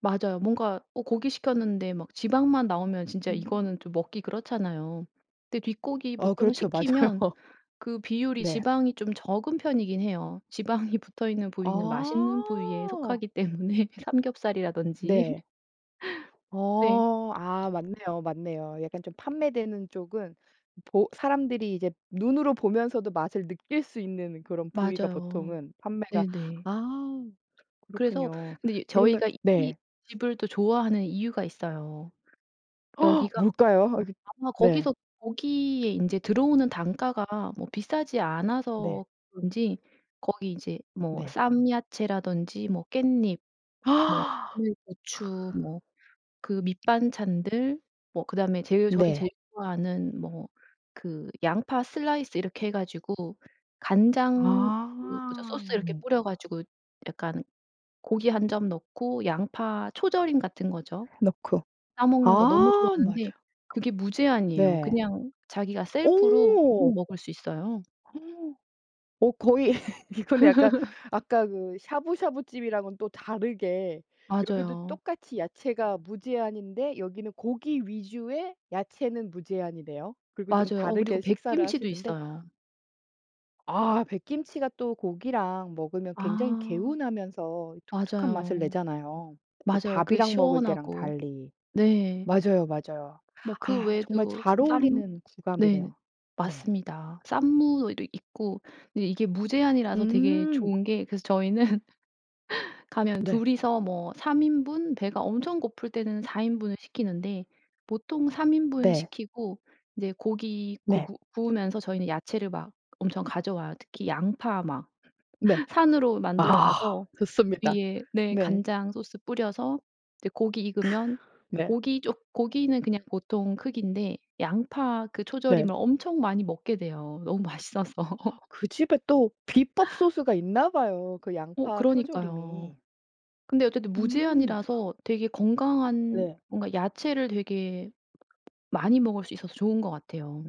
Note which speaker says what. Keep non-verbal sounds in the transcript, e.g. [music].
Speaker 1: 맞아요. 뭔가 어 고기 시켰는데 막 지방만 나오면 진짜
Speaker 2: 으음.
Speaker 1: 이거는 좀 먹기 그렇잖아요. 근데 뒷고기
Speaker 2: 어
Speaker 1: 보통
Speaker 2: 그렇죠.
Speaker 1: 시키면
Speaker 2: 맞아요.
Speaker 1: 그 비율이
Speaker 2: 네.
Speaker 1: 지방이 좀 적은 편이긴 해요. 지방이 붙어있는 부위는 맛있는 부위에
Speaker 2: 아.
Speaker 1: 속하기 때문에 삼겹살이라든지.
Speaker 2: 네.
Speaker 1: [laughs] 네.
Speaker 2: 어. 아 맞네요 맞네요. 약간 좀 판매되는 쪽은 보 사람들이 이제 눈으로 보면서도 맛을 느낄 수 있는 그런 부위가
Speaker 1: 맞아요.
Speaker 2: 보통은 판매가
Speaker 1: 네네.
Speaker 2: 아
Speaker 1: 그래서
Speaker 2: 그렇군요.
Speaker 1: 근데 이
Speaker 2: 그러면
Speaker 1: 저희가 이
Speaker 2: 네.
Speaker 1: 집을 또 좋아하는 이유가 있어요.
Speaker 2: [gasps]
Speaker 1: 여기가
Speaker 2: 뭘까요? 이
Speaker 1: 아마
Speaker 2: 그 네.
Speaker 1: 거기서 거기에 이제 들어오는 단가가 뭐 비싸지
Speaker 2: 네.
Speaker 1: 않아서 그런지 거기 이제 뭐
Speaker 2: 네.
Speaker 1: 쌈야채라든지 뭐 깻잎,
Speaker 2: [gasps] 크.
Speaker 1: 뭐 마늘, 고추, 뭐 그 밑반찬들, 뭐 그다음에 제일 저희
Speaker 2: 네.
Speaker 1: 제일 좋아하는 뭐 그 양파 슬라이스 이렇게 해 가지고 간장 그 뭐죠
Speaker 2: 아.
Speaker 1: 소스 이렇게 뿌려 가지고 약간 고기 1 점 넣고, 양파 초절임 같은 거죠.
Speaker 2: 넣고.
Speaker 1: 싸 먹는 거 너무
Speaker 2: 아
Speaker 1: 좋아하는데
Speaker 2: 맞아요.
Speaker 1: 그게 무제한이에요.
Speaker 2: 네.
Speaker 1: 그냥 자기가 셀프로 막
Speaker 2: 어.
Speaker 1: 먹을 수 있어요.
Speaker 2: [gasps] 어 거의 [laughs] 이 근데 약간
Speaker 1: [laughs]
Speaker 2: 아까 그 샤부샤부 집이랑은 또 다르게 여기도
Speaker 1: 맞아요.
Speaker 2: 똑같이 야채가 무제한인데 여기는 고기 위주의 야채는 무제한이네요. 그리고 좀
Speaker 1: 맞아요. 어 그리고
Speaker 2: 다르게 식사를
Speaker 1: 백김치도
Speaker 2: 하시는데
Speaker 1: 있어요.
Speaker 2: 아 백김치가 또 고기랑 먹으면 굉장히
Speaker 1: 아
Speaker 2: 개운하면서 독특한 맛을
Speaker 1: 맞아요.
Speaker 2: 내잖아요. 이
Speaker 1: 맞아요 그
Speaker 2: 밥이랑 먹을 때랑
Speaker 1: 시원하고.
Speaker 2: 달리.
Speaker 1: 네.
Speaker 2: 맞아요 맞아요.
Speaker 1: 뭐 그
Speaker 2: 아 정말
Speaker 1: 외에도 스
Speaker 2: 잘
Speaker 1: 쌈
Speaker 2: 어울리는
Speaker 1: 네.
Speaker 2: 궁합이네요. 네.
Speaker 1: 맞습니다. 쌈무도 있고 이게 무제한이라서 되게
Speaker 2: 음.
Speaker 1: 좋은 게 그래서 저희는 [laughs] 가면
Speaker 2: 네.
Speaker 1: 둘이서 뭐 3 인분, 배가 엄청 고플 때는 4 인분을 시키는데. 보통 3 인분
Speaker 2: 네.
Speaker 1: 시키고 이제 고기 구
Speaker 2: 네.
Speaker 1: 구 구우면서 저희는 야채를 막 엄청 가져와요. 특히 양파 막
Speaker 2: 네.
Speaker 1: [laughs] 산으로
Speaker 2: 아.
Speaker 1: 만들어와서
Speaker 2: 좋습니다.
Speaker 1: 위에 네.
Speaker 2: 네.
Speaker 1: 간장 소스 뿌려서 이제 고기
Speaker 2: 크으.
Speaker 1: 익으면
Speaker 2: 네.
Speaker 1: 고기 쪼 고기는 그냥 보통 크기인데 양파 그
Speaker 2: 네.
Speaker 1: 초절임을 엄청 많이 먹게 돼요. 너무 맛있어서.
Speaker 2: 아
Speaker 1: [laughs]
Speaker 2: 그 집에 또 비법 소스가 있나 봐요. 그
Speaker 1: 어
Speaker 2: 양파
Speaker 1: 그러니까요.
Speaker 2: 초절임이.
Speaker 1: 근데 어쨌든
Speaker 2: 음.
Speaker 1: 무제한이라서 되게 건강한
Speaker 2: 네.
Speaker 1: 뭔가 야채를 되게 많이 먹을 수 있어서 좋은 것 같아요.